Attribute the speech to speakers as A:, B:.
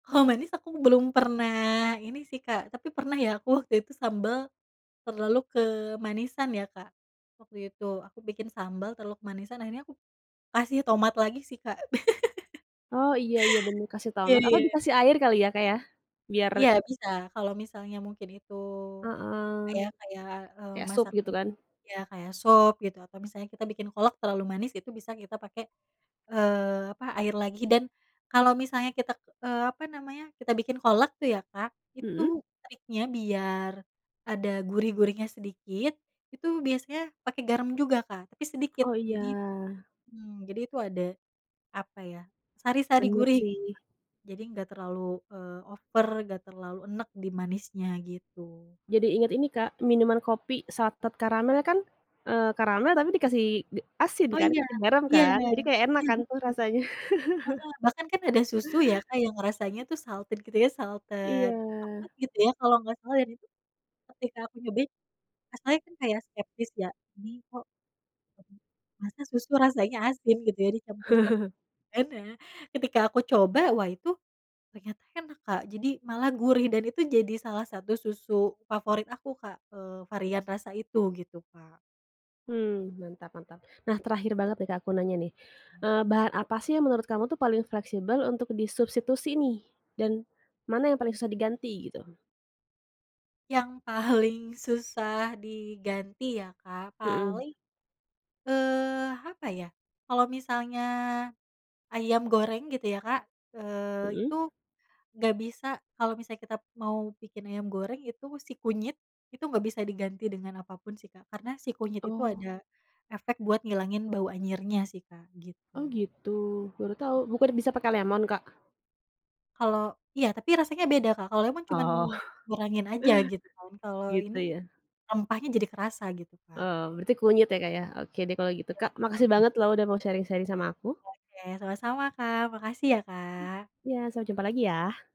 A: Kalo manis, aku belum pernah ini sih, Kak. Tapi pernah ya aku waktu itu sambal, terlalu kemanisan ya Kak, waktu itu. Aku bikin sambal, terlalu kemanisan. Akhirnya aku kasih tomat lagi sih, Kak.
B: Oh, iya iya benar, kasih
A: Iya
B: tomat. Atau
A: iya.
B: dikasih air kali ya Kak ya, biar
A: Iya bisa. Kalo misalnya mungkin itu,
B: Heeh.
A: misalnya kayak, eee,
B: Kayak sup, gitu
A: masakan
B: kan?
A: ya kayak sop gitu. Atau misalnya kita bikin kolak terlalu manis, itu bisa kita pake, eee, apa, air lagi. Dan, kalau misalnya kita ke apa namanya, kita bikin kolak tuh ya Kak, itu
B: Heeh.
A: triknya biar ada gurih-gurihnya sedikit, itu biasanya pakai garam juga Kak, tapi sedikit.
B: Oh
A: Jadi
B: iya.
A: mmm, jadi itu ada, apa ya, sari-sari
B: Benar
A: gurih, gitu, Kak.
B: sih.
A: Jadi nggak terlalu, eee, over, nggak terlalu enek di manisnya, gitu.
B: Jadi inget ini Kak, minuman kopi salted karamel kan, eee, karamel tapi dikasih, ge asin
A: Oh
B: kan,
A: iya.
B: pake garam
A: Iya
B: kan, jadi kayak enak
A: iya
B: kan tuh
A: betul.
B: rasanya.
A: Heeh. Bahkan kan, ada susu ya Kak yang rasanya tuh, salted gitu ya, salted, apa
B: Iya.
A: gitu ya, kalau nggak salah dan itu, ketika aku nyobain, rasanya kan kayak skeptis ya, ini kok masa susu rasanya asin, gitu ya, dicampur cokelat kan. Nah, ketika aku coba, wah itu, ternyata enak, Kak. Jadi malah gurih dan itu jadi salah satu susu favorit aku Kak, eee, varian rasa itu, gitu, Kak.
B: Mmm. Mantap mantap. Nah, terakhir banget nih Kak aku nanya nih. Eee, bahan apa sih yang menurut kamu tuh paling fleksibel, untuk disubstitusi nih, dan mana yang paling susah diganti, gitu?
A: Yang paling susah diganti ya Kak,
B: Heeh.
A: paling, eee, apa ya, kalau misalnya ayam goreng, gitu ya Kak, eee,
B: Heeh.
A: itu nggak bisa kalau misalnya kita mau bikin ayam goreng, itu si kunyit, itu nggak bisa diganti dengan apapun sih, Kak. Karena si kunyit itu
B: Oh!
A: ada, efek buat ngilangin bau anyirnya sih Kak,
B: Oh
A: gitu.
B: gitu, baru tahu. Bukannya bisa pakai lemon Kak?
A: Kalo iya, tapi rasanya beda Kak, kalo emang cuman
B: Oh.
A: ngurangin aja gitu kan. Kalo
B: Gitu
A: ini,
B: ya?
A: rempahnya jadi kerasa, gitu Kak.
B: Oh, berarti kunyit ya Kak ya. Oke deh, kalau gitu Kak, makasih
A: Betul.
B: banget loh udah mau sharing-sharing sama aku.
A: Oke. Sama-sama, Kak. Makasih ya, Kak.
B: Iya, sampai jumpa lagi ya.